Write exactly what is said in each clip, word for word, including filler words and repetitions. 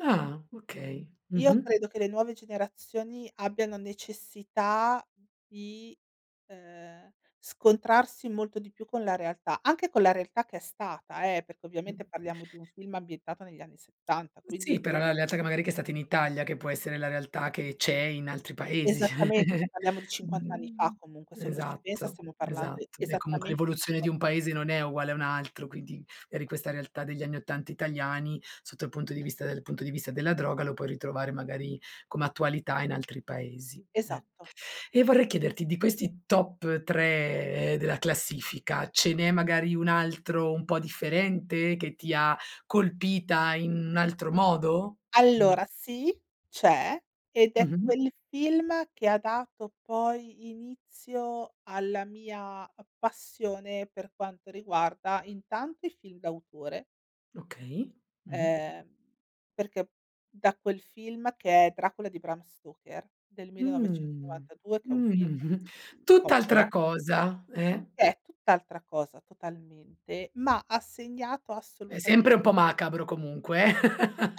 Ah! Okay. Io Mh-mh. credo che le nuove generazioni abbiano necessità di, ehm, scontrarsi molto di più con la realtà, anche con la realtà che è stata eh, perché Mh. ovviamente parliamo di un film ambientato negli anni settanta, Sì, quindi però la lealtà che magari che è stata in Italia, che può essere la realtà che c'è in altri paesi. Esattamente, ceh, parliamo di cinquanta anni fa Mhmm, comunque, se uno ci pensa esatto, stiamo parlando esatto. E comunque esattamente di l'evoluzione di un cinquanta paese non è uguale a un altro, quindi eri in questa realtà degli anni ottanta italiani, sotto il punto di vista dal punto di vista della droga lo puoi ritrovare magari come attualità in altri paesi, eh. Esatto. E vorrei chiederti di questi top tre della classifica, ce n'è magari un altro un po' differente che ti ha colpita in un altro modo? Mh. Allora sì, c'è, ed è Mh-mh. quel film che ha dato poi inizio alla mia a passione per quanto riguarda, intanto i film d'autore Okay. Mh-mh. ehm, perché da quel film, che è Dracula di Bram Stoker, del Mh, millenovecentonovantadue, che è un film mh. di Coppola Tutt'altra cosa eh? che è tutt'altra cosa, totalmente, ma ha segnato È assolutame sempre un po' macabro comunque, eh?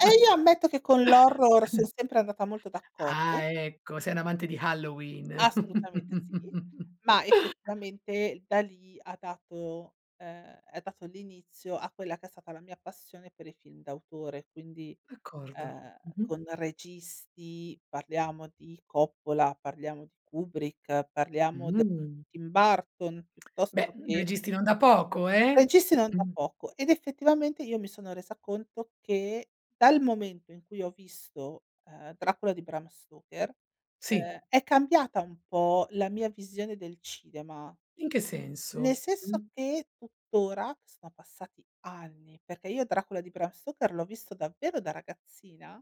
Eh, io ammetto che con l'horror son sempre andata molto Ah d'accordo. ecco! Sei un'amante di Halloween. Assolutamente sì. Ma effettivamente da lì ha dato, ehm, ha dato l'inizio a quella che è stata la mia passione per i film d'autore, quindi, D'accordo. ehm, con Mh-mh. registi parliamo di Coppola, parliamo di Kubrick, parliamo d Mh. Tim Burton Beh! piuttosto che Registi non da poco, eh! Registi non da Mh. poco ed effettivamente io mi sono resa conto che, dal momento in cui ho visto, ehm, Dracula di Bram Stoker, Sì. ehm, è cambiata un po' la mia visione del cinema, In che nel senso? senso Mh. che tuttora, che sono passati anni, perché io Dracula di Bram Stocker l'ho visto davvero da ragazzina.